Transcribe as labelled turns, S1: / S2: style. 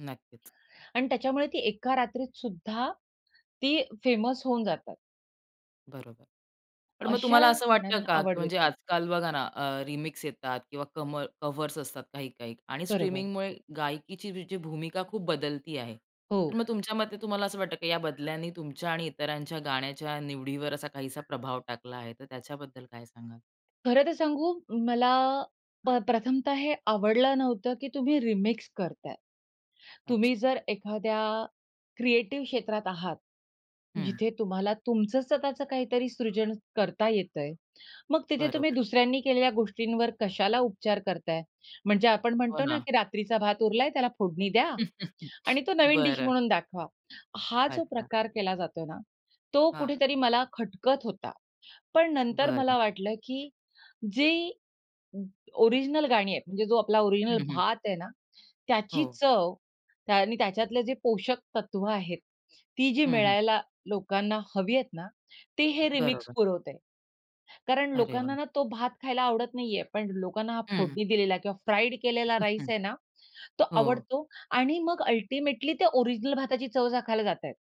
S1: नक्कीच.
S2: आणि त्याच्यामुळे ती एका रात्रीतसुद्धा ती फेमस होऊन जातात.
S1: बरोबर. पण मग
S2: अशा
S1: तुम्हाला असं वाटतं
S2: गाण्यांना
S1: का, की
S2: आवड
S1: म्हणजे
S2: देते.
S1: आजकाल बघा ना अ, रिमिक्स येतात किंवा कम कव्हर्स असतात काही-काही आणि
S2: बरोबर.
S1: स्ट्रीमिंगमुळे गायकीची जी भूमिका खूप बदलती आहे, तर
S2: हो.
S1: मग तुमच्या मते तुम्हाला असं वाटतं, की या बदल्यांनी तुमच्या आणि इतरांच्या गाण्याच्या निवडीवर असा काहीसा प्रभाव टाकला आहे. तर त्याच्याबद्दल काय सांगाल?
S2: खरं तर सांगू मला अ, प्रथमतः हे आवडलं नव्हतं, की तुम्ही रिमिक्स करताय. तुम्ही
S1: अच्छा.
S2: जर एखाद्या क्रिएटिव्ह क्षेत्रात आहात.
S1: हं.
S2: जिथे तुम्हाला तुमचं स्वतःच काहीतरी सृजन करता येतंय. मग तिथे तुम्ही
S1: बरोबर.
S2: दुसऱ्यांनी केलेल्या गोष्टींवर कशाला उपचार करताय, म्हणजे आपण
S1: हो
S2: म्हणतो ना,
S1: ना.
S2: की रात्रीचा भात उरलाय, त्याला फोडणी द्या आणि तो नवीन डीश
S1: बरं.
S2: म्हणून दाखवा. हा जो
S1: अच्छा.
S2: प्रकार केला जातोय ना, तो
S1: हां.
S2: कुठेतरी मला खटकत होता. पण नंतर
S1: बरं.
S2: मला वाटलं, की जी ओरिजिनल गाणी आहेत, म्हणजे जो आपला
S1: हं,
S2: ओरिजिनल
S1: हं.
S2: भात आहे ना, त्याची
S1: हो.
S2: चव आणि त्याच्यातले जे पोषक तत्त्व आहेत, ती जी
S1: हं, हं.
S2: मिळायला लोकांना हवी आहेत ना, ते हे रिमिक्स
S1: बरोबर.
S2: पुरवतंय कारण
S1: अरे वाह!
S2: लोकांना ना तो भात खायला आवडत नाहीये, पण लोकांना हा
S1: हं, हं.
S2: फोडणी दिलेला किंवा फ्राईड केलेला राईस आहे ना, तो
S1: हो.
S2: आवडतो आणि मग अल्टिमेटली ते ओरिजिनल भाताची चव चाखायला जातायेत.